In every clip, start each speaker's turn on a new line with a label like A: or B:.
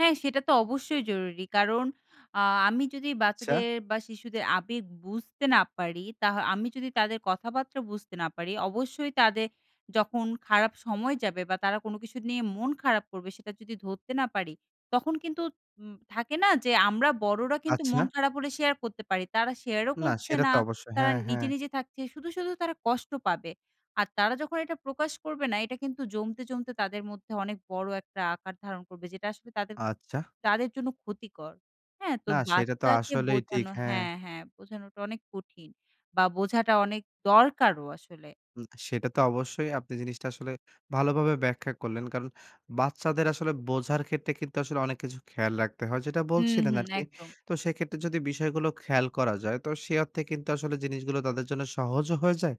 A: হ্যাঁ সেটা তো অবশ্যই জরুরি। কারণ আ আমি যদি
B: আচ্ছা।
A: বাচ্চাদের বা শিশুদের আবেগ বুঝতে না পারি, তাহ আমি যদি তাদের কথাবার্তা বুঝতে না পারি, অবশ্যই তাদের যখন খারাপ সময় যাবে বা তারা কোনো কিছু নিয়ে মন খারাপ করবে সেটা যদি ধরতে না পারি, তখন কিন্তু উম থাকে না যে আমরা বড়রা কিন্তু মন
B: আচ্ছা।
A: খারাপ হলে শেয়ার করতে পারি। তারা শেয়ারও
B: না
A: করছে
B: সেটা
A: না।
B: তো অবশ্যই।
A: তারা
B: হ্যাঁ,
A: নিজে,
B: হ্যাঁ।
A: নিজে থাকছে। শুধু, শুধু তারা কষ্ট পাবে। আর তারা যখন এটা প্রকাশ করবে না, এটা কিন্তু জমতে, জমতে তাদের মধ্যে অনেক বড় একটা আকার ধারণ করবে যেটা আসলে তাদের,
B: আচ্ছা।
A: তাদের জন্য ক্ষতিকর। হ্যাঁ? তো
B: না সেটা তো
A: বাচ্চাকে
B: আসলেই ঠিক,
A: বোঝানো
B: হ্যাঁ।
A: হ্যাঁ, হ্যাঁ বোঝানোটা অনেক কঠিন বা বোঝাটা অনেক দরকারও আসলে।
B: উম সেটা তো অবশ্যই আপনি জিনিসটা আসলে ভালোভাবে ব্যাখ্যা করলেন। কারণ বাচ্চাদের আসলে বোঝার ক্ষেত্রে কিন্তু আসলে অনেক কিছু খেয়াল রাখতে হয়। যেটা
A: হুম,
B: বলছিলেন
A: হুম,
B: আরকি।
A: একদম।
B: তো সেক্ষেত্রে যদি বিষয়গুলো খেয়াল করা যায়, তো সে অর্থে কিন্তু আসলে জিনিসগুলো তাদের জন্য সহজও হয়ে যায়,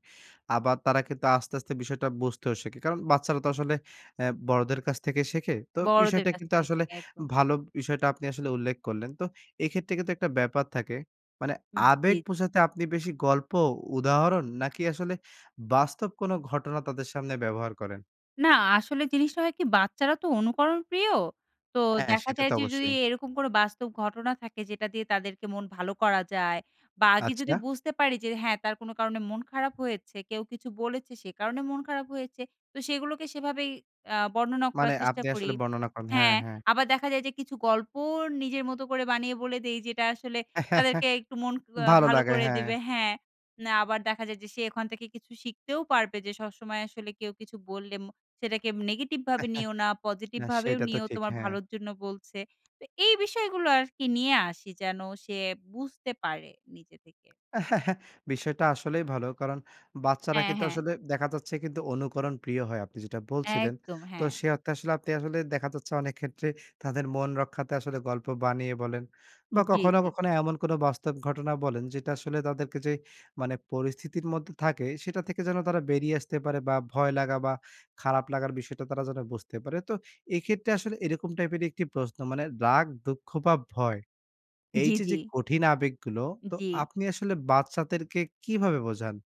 B: আবার তারা কিন্তু আস্তে, আস্তে বিষয়টা বুঝতেও শেখে। কারণ বাচ্চারা তো আসলে অ্যা বড়দের কাছ থেকে শেখে। তো
A: বড়দের
B: বিষয়টা
A: কাছ
B: কিন্তু
A: থেকে
B: আসলে
A: শেখে, একদম।
B: ভালো বিষয়টা আপনি আসলে উল্লেখ করলেন। তো এক্ষেত্রে কিন্তু একটা ব্যাপার থাকে। মানে আবেগ
A: জ্বি।
B: বোঝাতে আপনি বেশি গল্প, উদাহরণ নাকি আসলে বাস্তব কোনো ঘটনা তাদের সামনে ব্যবহার করেন?
A: না আসলে জিনিসটা হয় কি, বাচ্চারা তো অনুকরণ প্রিয়. তো
B: হ্যাঁ,
A: দেখা
B: সেটা
A: যায়
B: তো
A: যে যদি
B: অবশ্যই।
A: এরকম কোনো বাস্তব ঘটনা থাকে যেটা দিয়ে তাদেরকে মন ভালো করা যায়, বা আগে যদি
B: আচ্ছা।
A: বুঝতে পারি যে, হ্যাঁ তার কোনো কারণে মন খারাপ হয়েছে, কেউ কিছু বলেছে, সে কারণে মন খারাপ হয়েছে, তো সেগুলোকে সেভাবেই আ বর্ণনা করার
B: মানে
A: চেষ্টা
B: আপনি
A: করি।
B: আসলে বর্ণনা করেন। হ্যাঁ,
A: হ্যাঁ,
B: হ্যাঁ।
A: আবার দেখা যায় যে কিছু গল্প নিজের মতো করে বানিয়ে বলে দেই, যেটা আসলে তাদেরকে একটু মন আ
B: ভালো
A: ভালো
B: লাগে,
A: করে
B: হ্যাঁ।
A: দেবে, হ্যাঁ। না আবার দেখা যায় যে সে ওখান থেকে কিছু শিখতেও পারবে যে সবসময় আসলে কেউ কিছু বললে ম সেটাকে নেগেটিভ ভাবে নিও না, পজিটিভ
B: না
A: ভাবেও
B: সেইটা তো
A: নিও
B: ঠিক,
A: তোমার
B: হ্যাঁ।
A: ভালোর জন্য বলছে। তো এই বিষয়গুলো আর কি নিয়ে আসি যেন সে বুঝতে পারে নিজে থেকে।
B: বিষয়টা আসলেই ভালো। কারণ বাচ্চারা
A: হ্যাঁ,
B: কিন্তু
A: হ্যাঁ।
B: আসলে দেখা যাচ্ছে কিন্তু অনুকরণ প্রিয় হয়, আপনি যেটা বলছিলেন।
A: একদম,
B: তো
A: হ্যাঁ।
B: সে অর্থে আসলে আপনি আসলে দেখা যাচ্ছে, অনেক ক্ষেত্রে তাদের মন রক্ষার্থে আসলে গল্প বানিয়ে বলেন,
A: জ্বি,
B: বা কখনো,
A: জ্বি।
B: কখনো এমন কোনো বাস্তব ঘটনা বলেন যেটা আসলে তাদেরকে যে মানে পরিস্থিতির মধ্যে থাকে, সেটা থেকে যেন তারা বেরিয়ে আসতে পারে বা ভয় লাগা বা খারাপ লাগার বিষয়টা তারা যেন বুঝতে পারে। তো এইক্ষেত্রে আসলে এরকম টাইপের একটি প্রশ্ন, মানে রাগ, দুঃখ বা ভয়, এই
A: জ্বি,
B: যে,
A: জ্বি।
B: যে কঠিন আবেগগুলো, তো
A: জ্বি।
B: আপনি আসলে বাচ্চাদেরকে কিভাবে বোঝান?